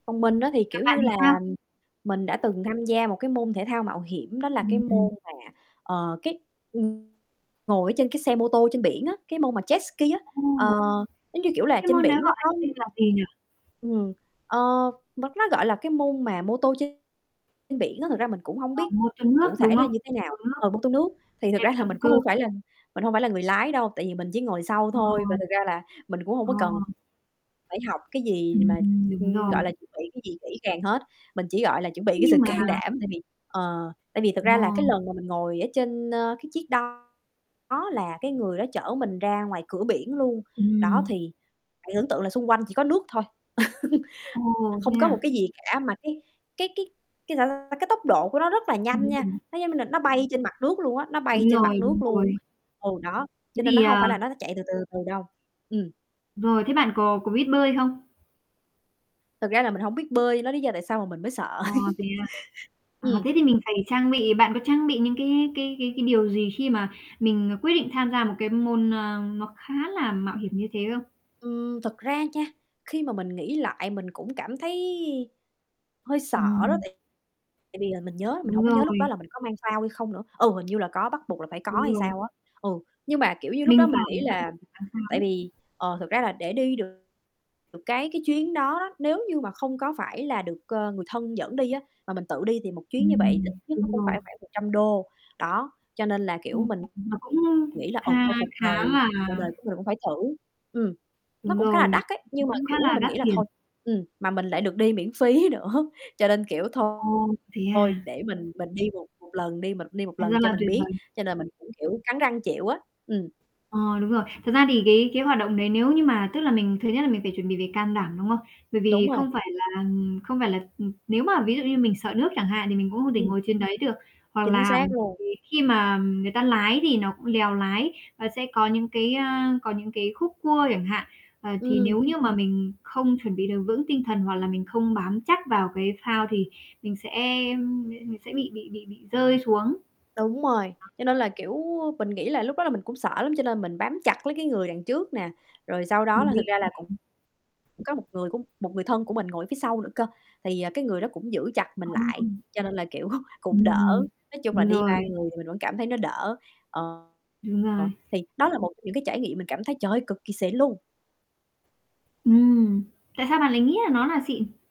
Còn mình á thì, Gặp kiểu bạn như thì là, sao? mình đã từng tham gia một cái môn thể thao mạo hiểm đó là cái Ừm, ừm. môn mà, ờ, cái, ừm, ngồi ở trên cái xe mô tô trên biển á, cái môn mà jetski á, Ô. ờ, giống như kiểu là Cái trên môn đấy biển nó gọi có tên là gì nhỉ? Ừm, ờ, m nó, gọi là, cái môn mà mô tô trên biển á, thực ra mình cũng hông Ờ, biết mô tô cụ nước, thể đúng là không? như thế Mô nào tô nước, ờ, mô tô nước. Thì thực xe ra về là động mình cơ. cũng hông phải là mình hông phải là người lái đâu, tại vì mình chỉ ngồi sau Ờ. thôi, và thực ra là mình cũng hông Ờ. có cần phải học cái gì Ừm, mà, đúng ừm, rồi. gọi là, chuẩn bị cái gì kỹ càng hết. Mình chỉ, gọi là, chuẩn bị Thế cái sự nhưng mà can đảm tại vì ờ, tại vì thật ra là cái Vâng. lần mà mình ngồi ở trên, ơ, cái chiếc đó là cái người đó chở mình ra ngoài cửa biển luôn, đó, Ừm. thì bạn tưởng tượng là xung quanh chỉ có nước thôi, Ồ, thế không có một à? cái gì cả. Mà cái cái cái cái, sao ta, cái tốc độ của nó rất là Đúng nhanh nha, rồi. nó, giống như là, nó bay trên mặt nước luôn á, nó bay Đúng trên mặt rồi, đúng nước luôn, rồi. ừ đó, Thế cho nên nó thì, hông à phải là nó n chạy từ từ, từ từ đâu, ừm. Rồi, thế bạn có có biết bơi không? Thật ra là mình hổng biết bơi, nó lý do tại sao mà mình mới sợ. À, thế à? À, Ừm. thế thì mình phải trang bị bạn có trang bị những cái cái cái cái điều gì khi mà mình, ờ, quyết định tham gia một cái môn, ờ, nó khá là mạo hiểm như thế không? Ừm, thật ra nha, khi mà mình nghĩ lại mình cũng cảm thấy hơi sợ đó. Ừm. Tại tại vì là mình nhớ mình Đúng hổng có nhớ lúc đó rồi. là mình có mang phao hay không nữa, ừ, hình như là có, bắt buộc là phải có Đúng hay rồi. sao á, ừ. Nhưng mà, kiểu như, lúc đó Mình mình phải nghĩ bắt là buộc phải tham gia tại đấy. vì, ờ, thật ra là để đi được cái cái chuyến đó đó, nếu như mà không có phải là được, ờ, người thân dẫn đi á mà mình tự đi thì một chuyến như vậy ít Ừm, nhất nó đúng cũng rồi. phải khoảng $100, đó, cho nên là, Kha kiểu, mình khá. Mà cũng nghĩ là "Ừ, kha thôi cuộc khá đời là cuộc đời của mình cũng phải thử." Ừm, nó Đúng cũng khá là rồi, đắt ấy, nhưng mà, cũng khá kiểu, là mình đắt nghĩ là tiền. thôi, ừm, mà mình lại được đi miễn phí nữa, cho nên, kiểu, thôi, Ồ, thế thôi, à? để mình mình đi một một lần đi, mình cũng đi 1 Thành ra lần cho là mình tuyệt biết, vời. cho nên mình cũng, kiểu, cắn răng chịu á, ừm. Ờ, đúng rồi. Thật ra thì cái cái hoạt động đấy nếu như mà tức là mình thứ nhất là mình phải chuẩn bị về can đảm, đúng không? Bởi Đúng vì rồi. không phải là, ừm, không phải là, ừm, nếu mà ví dụ như mình sợ nước chẳng hạn, thì mình cũng không thể Ừm. ngồi trên đấy được, hoặc Chính là xác bởi luôn. vì khi mà người ta lái thì nó cũng lèo lái và sẽ có những cái, ơ, có những cái khúc cua chẳng hạn, ờ, thì Ừm. nếu như mà mình không chuẩn bị được vững tinh thần hoặc là mình không bám chắc vào cái phao thì mình sẽ mình sẽ, ưm, m mình sẽ bị bị bị bị rơi xuống. Đó. Đúng rồi, cho nên là, kiểu, mình nghĩ là lúc đó là mình cũng sợ lắm, cho nên mình bám chặt lấy cái người đằng trước nè. Rồi sau đó là thực ra là cũng [unintelligible] có một người cũng một người thân của mình ngồi phía sau nữa cơ, thì, à, cái người đó cũng giữ chặt mình Ờ. lại, cho nên là, kiểu, cũng đỡ, Ừm, nói chung là đúng đi 3 rồi. người thì mình vẫn cảm thấy nó đỡ. Ờ, Đúng ờ, rồi. thì đó là một trong những cái trải nghiệm mình cảm thấy, trời ơi, cực kỳ xịn luôn. Ừm, tại sao bạn lại nghĩ là nó là xịn?